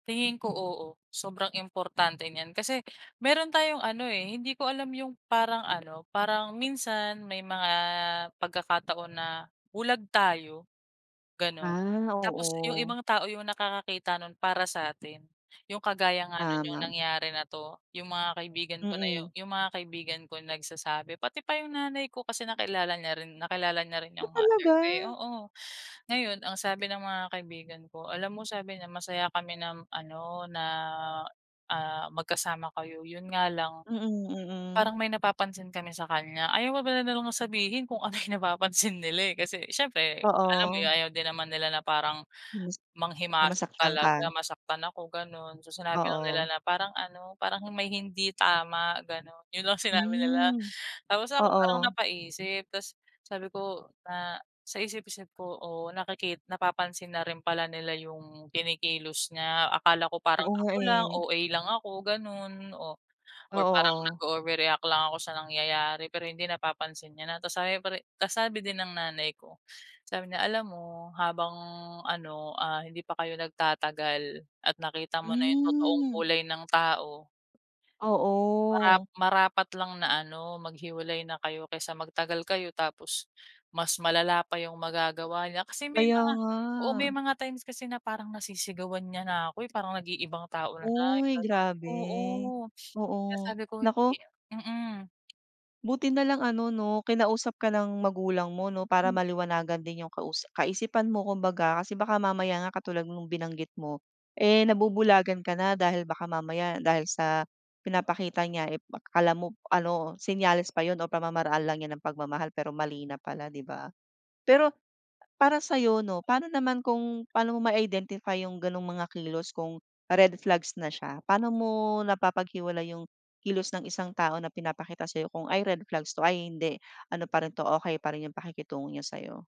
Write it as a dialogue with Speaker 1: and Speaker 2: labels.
Speaker 1: Tingin ko, oo. Sobrang importante niyan. Kasi meron tayong ano, eh. Hindi ko alam yung parang ano, parang minsan may mga pagkakataon na bulag tayo, gano'n.
Speaker 2: Ah,
Speaker 1: Tapos yung
Speaker 2: oo.
Speaker 1: ibang tao yung nakakakita nun para sa 'tin. Yung kagaya nga noon, yung
Speaker 2: Tama.
Speaker 1: nangyari na 'to. 'Yung mga kaibigan ko na yung
Speaker 2: Mm.
Speaker 1: yung mga kaibigan ko nagsasabi. Pati pa yung nanay ko kasi nakilala niya rin. Nakilala niya rin
Speaker 2: Ah,
Speaker 1: yung mother
Speaker 2: talaga?
Speaker 1: ko eh. Oo. Ngayon, ang sabi ng mga kaibigan ko, alam mo, sabi niya, "Masaya kami na ano na, ah, magkasama kayo. 'Yon nga lang
Speaker 2: Mm, mm.
Speaker 1: parang may napapansin kami sa kanya. "Ayaw pa pala nilang sabihin kung ano yung napapansin nila eh. Kasi siyempre alam mo 'yon,
Speaker 2: Oo.
Speaker 1: ayaw din naman nila na parang
Speaker 2: Yes. Na
Speaker 1: manghimasok
Speaker 2: masaktan
Speaker 1: talaga.
Speaker 2: ka.
Speaker 1: Masaktan ako, ganoon. So, sinabi lang nila
Speaker 2: Oo.
Speaker 1: na parang ano, parang may hindi tama, ganon. 'Yon lang sinabi nila.
Speaker 2: Hmm.
Speaker 1: Tapos ako, parang
Speaker 2: Oo.
Speaker 1: napaisip. Tas sabi ko na sa isip-isip ko, "Oh nakiki napapansin na rin pala nila yung kinikilos niya. Akala ko parang
Speaker 2: Oo nga
Speaker 1: ako lang.
Speaker 2: eh.
Speaker 1: OA lang ako, ganon, oh,
Speaker 2: Oo,
Speaker 1: or parang
Speaker 2: oh.
Speaker 1: nag-overreact lang ako sa nangyayari." Pero hindi, napapansin niya na tapos sabi pari tapos sabi din ng nanay ko sabi niya, "Alam mo, habang ano, ah, hindi pa kayo nagtatagal at nakita mo na yung totoong
Speaker 2: Hmm.
Speaker 1: kulay ng tao ...marap
Speaker 2: Oo.
Speaker 1: marapat lang na ano, maghiwalay na kayo kaysa magtagal kayo. Tapos, mas malala pa yung magagawa niya." Kasi may
Speaker 2: Kaya
Speaker 1: mga
Speaker 2: nga.
Speaker 1: oo, may mga times kasi na parang nasisigawan niya na ako eh. Parang nag-iibang tao na siya, yung
Speaker 2: Uy,
Speaker 1: ganoon. Oo,
Speaker 2: grabe.
Speaker 1: kaya
Speaker 2: Oo.
Speaker 1: sabi ko, hindi
Speaker 2: Naku
Speaker 1: mm.
Speaker 2: Buti na lang, ano, 'no kinausap ka ng magulang mo, 'no? Para
Speaker 1: Hmm.
Speaker 2: maliwanagan din yung kausa kaisipan mo kumbaga. Kasi baka mamaya nga katulad noong binanggit mo. Eh, nabubulagan ka na dahil baka mamaya dahil sa pinapakita niya, eh, kala mo ano, senyales pa 'yon o pamamaraan lang niya ng pagmamahal. Pero mali na pala, di ba? Pero para sayo, 'no? Paano naman kung pano mo ma-identify yung ganung mga kilos kung red flags na siya? Paano mo napapaghiwalay yung kilos ng isang tao na pinapakita sa'yo kung, "Ay red flags to, ay hindi. Ano pa rin 'to, okey pa rin," yung pakikitungo niya sa'yo.